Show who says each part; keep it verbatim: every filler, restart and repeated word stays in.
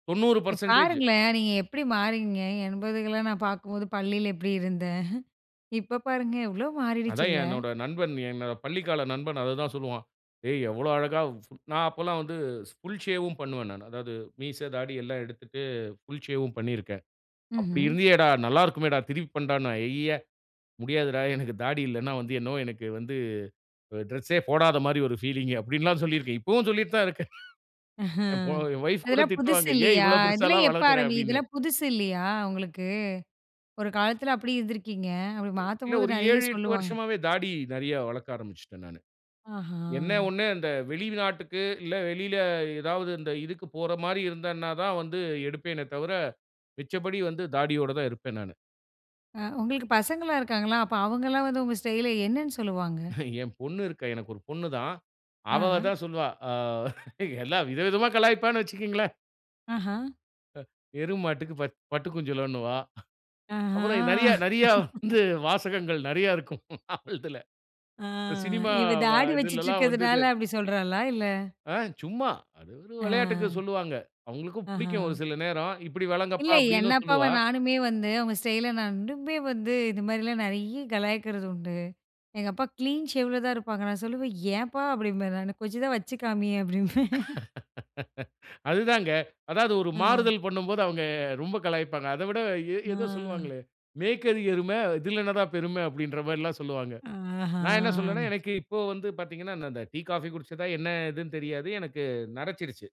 Speaker 1: தொண்ணூறு
Speaker 2: ப்
Speaker 1: பர்சென்டேஜ்
Speaker 2: பாருங்களேன், நீங்க எப்டி மாறிவிங்க, என்பதுகெல்லாம் நான் பார்க்கும்போது பள்ளில எப்டி இருந்தேன் இப்போ பாருங்க எவ்ளோ
Speaker 1: அதான்
Speaker 2: மாறிடுச்சில்ல.
Speaker 1: என்னோட நண்பன், என்னோட பள்ளிக்கால நண்பன் அது தான் சொல்லுவான். ஏய் எவ்வளோ அழகா, சு நான் அப்போல்லாம் வந்து ஷ் புல் ஷேவ்வும் பண்ணுவேன் நானு. அதாவது மீச, தாடி எல்லாம் எடுத்துட்டு புல் ஷேவ்வும் பண்ணியிருக்கேன். அப்டி
Speaker 2: ம்ஹ்ம்.
Speaker 1: இருந்தீயேடா, நல்லா இருக்குமேடா, திருப்பி பண்ணுடாண்னா. ஐய்யிய! முடியாதுடா. எனக்கு தாடி இல்லைன்னா வந்து, என்னவோ எனக்கு வந்து ஒரு டிரெஸ்ஸே போடாத மாரி ஒரு பீலிங்கு அப்டின்ல்லாம் சொல்லியிருக்கேன். இப்பவும் சொல்லிட்டுத் தான் இருக்கேன்.
Speaker 2: ஆஹ,
Speaker 1: என் பொ என் வொய்ஃப் கூட
Speaker 2: இதெல்லாம் புதுசு
Speaker 1: திட்டுவாங்க. "ஏன்
Speaker 2: இல்லியா,
Speaker 1: இவ்வளவு
Speaker 2: இதெல்லாம்
Speaker 1: பெருசால்லாம்
Speaker 2: எப்ப
Speaker 1: வளர்க்குற
Speaker 2: ஆரம்பி
Speaker 1: அப்டின்னு.
Speaker 2: இதெல்லாம் புதுசு இல்லியா உங்களுக்கு. ஒரு காலத்துல அப்டி இருந்திருக்கீங்க, அப்டி
Speaker 1: இல்ல
Speaker 2: மாத்தும்போது
Speaker 1: ஒரு
Speaker 2: நறைய
Speaker 1: ஏழு, எட்டு
Speaker 2: சொல்லுவாங்க.
Speaker 1: வருஷமாவே தாடி நறைய வளர்க்க ஆரம்பிச்சுட்டேன் நானு.
Speaker 2: ஆஹா.
Speaker 1: என்ன ஒண்ணு அந்த வெளிநாட்டுக்கு, இல்ல வெளில ஏதாவது இந்த இதுக்கு போற மாரி இருந்தேனா தான் வந்து எடுப்பேனே தவுர, மிச்சபடி வந்து தாடியோட தான் இருப்பேன் நானு.
Speaker 2: ஆ, உங்களுக்கு பசங்கலாம் இருக்காங்களா? அப்ப அவங்கலாம் வந்து உங்க ஸ்டைல என்னன்னு சொல்லுவாங்க?
Speaker 1: என் பொண்ணு இருக்கா. எனக்கு ஒரு பொண்ணு தான். அவ
Speaker 2: ஆஹ.
Speaker 1: தான் சொல்லுவா. ஆ எல்லா வித விதமா கலாய்ப்பான்னு வச்சுக்கேங்களேன்.
Speaker 2: ஆஹ.
Speaker 1: அ எரும மாட்டுக்கு ப பட்டு குஞ்சலன்னுவா.
Speaker 2: ஆஹா.
Speaker 1: அப்புறம் நறைய நறையா வந்து வாசகங்கள் நறையா இருக்கும் அவல்துல.
Speaker 2: ஆ,
Speaker 1: இந்த சினிமா
Speaker 2: இவ
Speaker 1: வ
Speaker 2: தாடி வச்சிட்டு
Speaker 1: இதுலெல்லாம்
Speaker 2: இருக்கிறதுனால,
Speaker 1: வந்தது.
Speaker 2: அப்டி சொல்றாளா? இல்ல
Speaker 1: ஆ சும்மா, அது ஒரு விளையாட்டுக்கு
Speaker 2: அ.
Speaker 1: சொல்லுவாங்க. அவங்களுக்கும் புடிக்கும் ஒரு
Speaker 2: ஆஹ.
Speaker 1: சில நேரம், இப்டி
Speaker 2: இல்ல.
Speaker 1: விளங்கப்பா
Speaker 2: என்
Speaker 1: அப்டின்னும்
Speaker 2: அப்பாவ
Speaker 1: சொல்லுவா.
Speaker 2: நானுமே வந்து, அவங்க ஸ்டைல நான் இன்னுமே வந்து, இது மாரிலாம் நறைய கலாய்க்கிறது உண்டு. எங்க அப்பா கிளீன் ஷேவ்ல தான் இருப்பாங்க. நான் சொல்லுவேன், "ஏன்பா" அப்டிம்பேன் நானு. "கொஞ்சம் தான் வச்சு காமியேன்" அப்டிம்பேன்.
Speaker 1: அது தாங்க. அதாவது ஒரு
Speaker 2: அ.
Speaker 1: மாறுதல் பண்ணும்போது அவங்க ரொம்ப கலாய்ப்பாங்க. அத விட எ ஏதோ
Speaker 2: ஆ.
Speaker 1: சொல்லுவாங்களே, "மேய்க்கது எருமை, இதில என்ன தான் பெருமை" அப்டின்ற மாரில்லாம் சொல்லுவாங்க. நான் என்ன சொல்லுவேண்னா,
Speaker 2: ஆஹா.
Speaker 1: எனக்கு இப்போ வந்து பார்த்தீங்கன்னா, நான் இந்த டீ, காஃபி குடிச்சதா என்ன எதுன்னு தெரியாது. எனக்கு நரைசச்சிருச்சு.